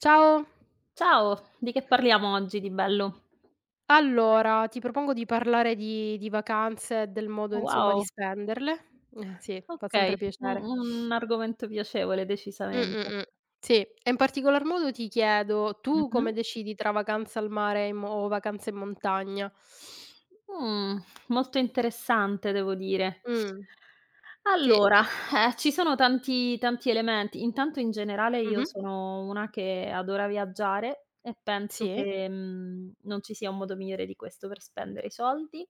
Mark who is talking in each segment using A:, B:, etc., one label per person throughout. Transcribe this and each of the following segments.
A: Ciao.
B: Ciao, di che parliamo oggi di bello?
A: Allora, ti propongo di parlare di di vacanze e del modo insomma di
B: Wow.
A: spenderle. Eh sì, fa sempre
B: Okay, u
A: piacere.
B: un argomento piacevole,
A: Mh,
B: decisamente.
A: mh, mh. Sì, e in particolar modo ti chiedo: tu come
B: Mh-mh.
A: decidi tra vacanza al mare, in mo o vacanza in montagna?
B: Mh, molto interessante devo dire.
A: Mh, sì.
B: Allora, eh, ci sono tanti tanti elementi. Intanto in generale io
A: Mh-mh.
B: sono una che adora viaggiare e penso
A: Sì.
B: che, mhmm, non ci sia un modo migliore di questo per spendere i soldi.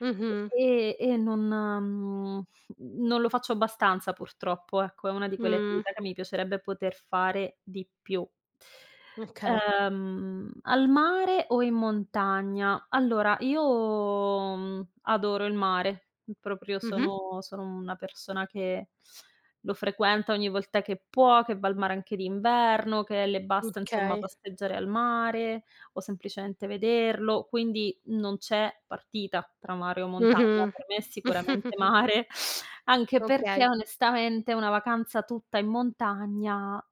A: Mh-mh.
B: E e non mhmm, non lo faccio abbastanza purtroppo, ecco, è una di quelle
A: Mh.
B: attività che mi piacerebbe poter fare di più.
A: Okay.
B: Ehm, al mare o in montagna? Allora, io, mhmm, adoro il mare. Proprio
A: Mh-mh.
B: sono sono una persona che lo frequenta ogni volta che può, che va al mare anche d'inverno, che le basta, insomma,
A: Okay.
B: passeggiare al mare o semplicemente vederlo. Quindi, non c'è partita tra mare o montagna:
A: Mh-mh.
B: per me, è sicuramente mare, anche perché,
A: Okay.
B: onestamente, una vacanza tutta in montagna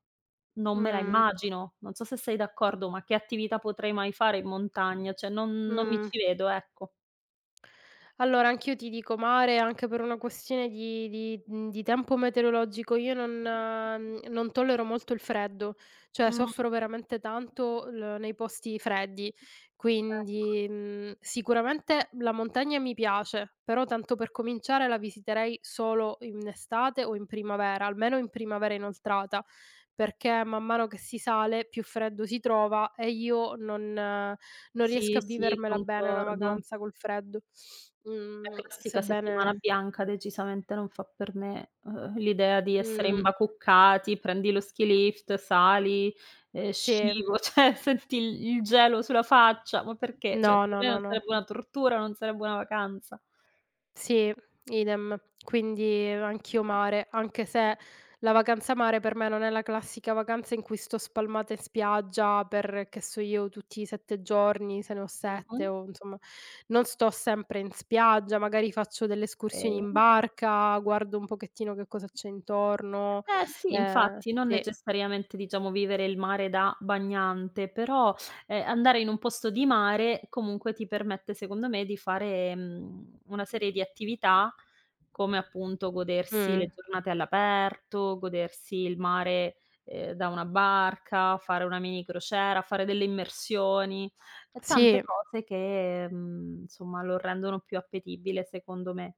B: non me la
A: Mh.
B: immagino. Non so se sei d'accordo, ma che attività potrei mai fare in montagna? Cioè, non non mi
A: Mh.
B: ci vedo, ecco.
A: Allora, anch'io ti dico mare, anche per una questione di di mhmm, di tempo meteorologico. Io non mhmm, non tollero molto il freddo, cioè
B: Mh.
A: soffro veramente tanto l nei posti freddi.
B: Ecco.
A: Quindi, mhmm, sicuramente, la montagna mi piace, però, tanto per cominciare, la visiterei solo in estate o in primavera- almeno in primavera inoltrata- perché, man mano che si sale, più freddo si trova e io non non riesco
B: Sì,
A: a
B: sì,
A: vivermela bene, una
B: concordo.
A: vacanza col freddo.
B: La
A: Mhmm,
B: classica settimana
A: sebbene
B: bianca decisamente non fa per me. Uhm, l'idea di essere
A: Mh.
B: imbacuccati, prendi lo skilift sali, ehm,
A: Sì.
B: scivo cioè, senti il il gelo sulla faccia. Ma perché? Cioè,
A: No,
B: per
A: no,
B: me, non
A: no, no.
B: sarebbe una tortura, non sarebbe una vacanza.
A: Sì, idem. Quindi, anch'io mare, anche se la vacanza mare, per me, non è la classica vacanza in cui sto spalmata in spiaggia per, che so io, tutti i 7 giorni, se ne ho 7
B: Mh-mh.
A: o, insomma, non sto sempre in spiaggia, magari faccio delle escursioni in
B: Okay.
A: barca, guardo un pochettino che cosa c'è intorno.
B: Eh, sì,
A: Ehm
B: infatti. Non
A: sì.
B: necessariamente, diciamo, vivere il mare da bagnante, però, ehm, andare in un posto di mare, comunque, ti permette, secondo me, di fare, mhmm, una serie di attività come, appunto, godersi
A: Mh.
B: le giornate all'aperto, godersi il mare, ehm, da una barca, fare una mini crociera, fare delle immersioni. E tante
A: Sì.
B: cose che, mhmm, insomma, lo rendono più appetibile, secondo me.